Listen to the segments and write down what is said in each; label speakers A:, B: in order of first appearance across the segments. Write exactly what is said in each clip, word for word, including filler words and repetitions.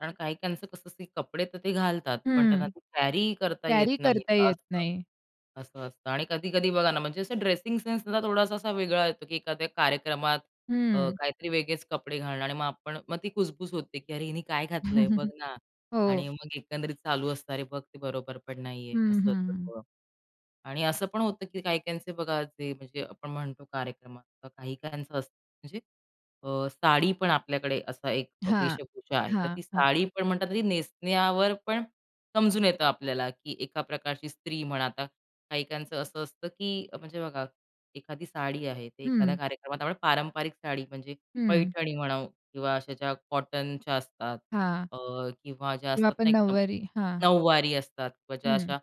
A: कारण काही-काहीचं कसं असतं की कपडे तर ते घालतात. पण
B: हं,
A: त्यांना ते कॅरीही करता येत
B: कॅरी
A: नाही
B: करता येत
A: असं.
B: नाही.
A: असं असतं आणि कधी-कधी बघा ना म्हणजे असा ड्रेसिंग सेन्स सुद्धा थोडासा असा वेगळा येतो की एखाद्या कार्यक्रमात अ,
B: हं.
A: काहीतरी वेगळेच कपडे घालणं आणि मग आपण मग ती खुसबूस होते की अरे, हिने काय घातलंय बघ ना आणि
B: हो.
A: मग एकंदरीत चालू असतं. अरे, बघ ते बरोबरपण नाही आहे
B: हं, हं,
A: असं
B: हं.
A: सगळं आणि असं पण होतं की काही-काहींचे बघा जे म्हणजे आपण म्हणतो कार्यक्रमात काही-काहींचं असतं म्हणजे अ, साडी पण आपल्याकडे असा एक अ,
B: हां,
A: वेशभूषा आहे. तर ती
B: हां, हां.
A: साडी पण म्हणतात ना, नेसण्यावर पण समजून येतं आपल्याला की एका प्रकारची स्त्री म्हणा आता काही-काहीचं असं असतं की म्हणजे बघा एखादी साडी आहे, ते एखाद्या
B: हं.
A: कार्यक्रमात आपण पारंपरिक साडी म्हणजे
B: हं.
A: पैठणी म्हणा किंवा अशा ज्या कॉटनच्या असतात
B: हां.
A: अ, किंवा ज्या
B: किंवा
A: असतात
B: आपण
A: ना एकदम
B: नऊवारी हां.
A: नऊवारी असतात किंवा ज्या
B: हं.
A: अशा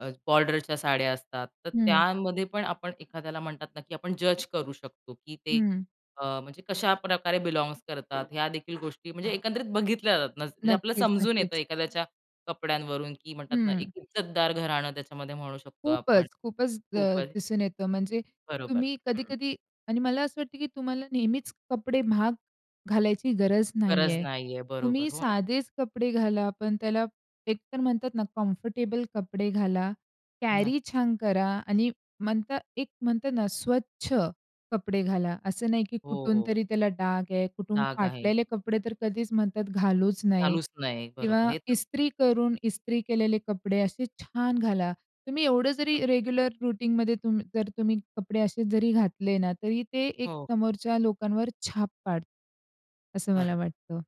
A: अ, बॉर्डरच्या साड्या असतात. तर
B: हं.
A: त्यामध्ये पण आपण एखाद्याला म्हणतात ना की आपण जज करू शकतो की ते
B: हं.
A: अ, म्हणजे कशा प्रकारे बिलॉन्ग्स करतात ह्या देखील गोष्टी म्हणजे एकंदरीत बघितल्या जातात ना म्हणजे आपलं
B: नक्कीच,
A: समजून येतं
B: नक्कीच.
A: एखाद्याच्या कपड्यांवरून की म्हणतात ना एक
B: हं.
A: इज्जतदार घराणं त्याच्यामध्ये म्हणू शकतो आपण,
B: खूपच, खूपच द
A: खूपच.
B: दिसून येतं म्हणजे
A: बरोबर,
B: तुम्ही
A: हं.
B: कधी-कधी आणि मला असं वाटतं की तुम्हाला नेहमीच कपडे महाग घालायची गरज नाही
A: गरज
B: आहे.
A: नाहीआहे, बरोबर,
B: तुम्ही
A: हो ना.
B: साधेच कपडे घाला. पण त्याला एकतर म्हणतात ना कम्फर्टेबल कपडे घाला.
A: नक्की.
B: कॅरी छान करा आणि म्हणतात एक म्हणतात ना स्वच्छ कपडे घाला. असं नाही की
A: हो,
B: कुठून
A: हो.
B: तरी त्याला डाग आहे, कुठून
A: डाग आहे.
B: फाटलेले कपडे तर कधीच म्हणतात घालूच नाही
A: घालूच नये.
B: किंवा
A: बरोबर, हे तर
B: इस्त्री करून इस्त्री केलेले कपडे असे छान घाला. तुम्ही एवढं जरी रेग्युलर रुटीनमध्ये तुम जर तुम्ही कपडे असे जरी घातले ना, तरी ते एक
A: हो.
B: समोरच्या लोकांवर छाप पाडतात. असं मला
A: बरं.
B: वाटतं.